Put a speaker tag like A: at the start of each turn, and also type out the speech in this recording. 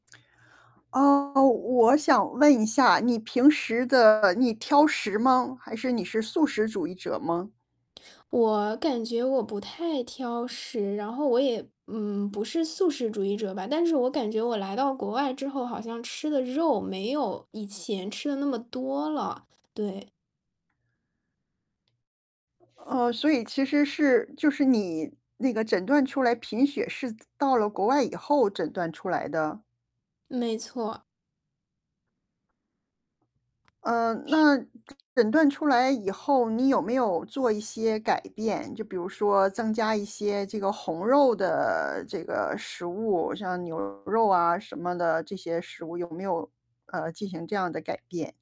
A: 啊，我想问一下，你平时的你挑食吗？还是你是素食主义者吗？
B: 我感觉我不太挑食，然后我也，嗯，不是素食主义者吧，但是我感觉我来到国外之后好像吃的肉没有以前吃得那么多了，对。
A: 哦，所以其实是就是你那个诊断出来贫血是到了国外以后诊断出来的？
B: 没错。
A: 嗯，
B: 是。
A: 那诊断出来以后你有没有做一些改变，就比如说增加一些这个红肉的这个食物，像牛肉啊什么的这些食物，有没有，呃，进行这样的改变？